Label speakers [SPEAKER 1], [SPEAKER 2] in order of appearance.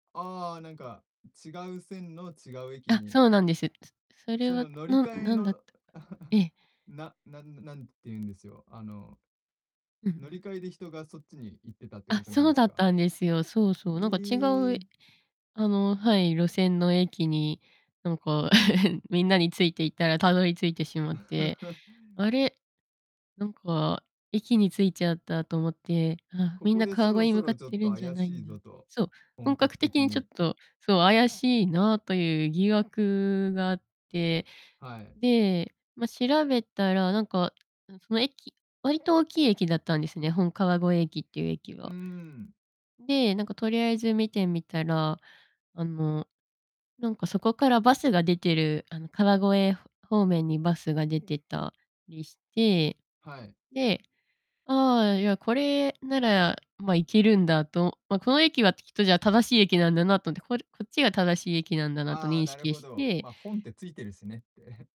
[SPEAKER 1] ああ、なん
[SPEAKER 2] ん。
[SPEAKER 1] か、違う線の違う駅
[SPEAKER 2] あ、
[SPEAKER 1] に
[SPEAKER 2] そうなんです。すそれ
[SPEAKER 1] その
[SPEAKER 2] は
[SPEAKER 1] 乗り
[SPEAKER 2] なん
[SPEAKER 1] 換え
[SPEAKER 2] なんだった
[SPEAKER 1] の
[SPEAKER 2] え え。
[SPEAKER 1] ななんなんて言うんですよ、あの、
[SPEAKER 2] うん-う
[SPEAKER 1] 乗り
[SPEAKER 2] ん。
[SPEAKER 1] 換えで人がそっちに行ってたって
[SPEAKER 2] あ、
[SPEAKER 1] ことなん
[SPEAKER 2] そ
[SPEAKER 1] で
[SPEAKER 2] う
[SPEAKER 1] す
[SPEAKER 2] だっ
[SPEAKER 1] か。
[SPEAKER 2] たんですよ。そうそう、なんか違
[SPEAKER 1] え
[SPEAKER 2] う、え
[SPEAKER 1] え。
[SPEAKER 2] あの、はい、路線の駅になんか みんなについていったらたどり着いてしまって、あ れ、なんか、駅に着いちゃったと思って。あ、
[SPEAKER 1] こ
[SPEAKER 2] みん
[SPEAKER 1] こ
[SPEAKER 2] な
[SPEAKER 1] でそ
[SPEAKER 2] 川越
[SPEAKER 1] ろ
[SPEAKER 2] に
[SPEAKER 1] そ
[SPEAKER 2] 向かっ
[SPEAKER 1] ろちょっ
[SPEAKER 2] て
[SPEAKER 1] と
[SPEAKER 2] るんじゃ
[SPEAKER 1] 怪
[SPEAKER 2] ない
[SPEAKER 1] し
[SPEAKER 2] ん
[SPEAKER 1] い
[SPEAKER 2] だ
[SPEAKER 1] ぞ
[SPEAKER 2] て。
[SPEAKER 1] と、
[SPEAKER 2] そう、
[SPEAKER 1] 本
[SPEAKER 2] 本
[SPEAKER 1] 格
[SPEAKER 2] 格的
[SPEAKER 1] 的
[SPEAKER 2] にちょっ
[SPEAKER 1] に。
[SPEAKER 2] と、そう怪しいなという疑惑があって、
[SPEAKER 1] はい。
[SPEAKER 2] で、ま、調べたらなんか、んその駅割と大きい駅だったんですね、本川越駅っていう駅
[SPEAKER 1] う
[SPEAKER 2] は
[SPEAKER 1] ん。
[SPEAKER 2] で、なんかとりあえず見てみたら、あの、なんかそこからバスが出てる、あの、川越ふ方面にバスが出てたりして、
[SPEAKER 1] はい。
[SPEAKER 2] で、ああ、いやこれなら、ま、いけるんだと、ま、この駅はきっとじゃあ正しい駅なんだなとって、ここっちが正しい駅なんだなと
[SPEAKER 1] ああ、
[SPEAKER 2] 認
[SPEAKER 1] なる
[SPEAKER 2] 識
[SPEAKER 1] ほ
[SPEAKER 2] し
[SPEAKER 1] ど。
[SPEAKER 2] て
[SPEAKER 1] まあ、本ってついてるしねって。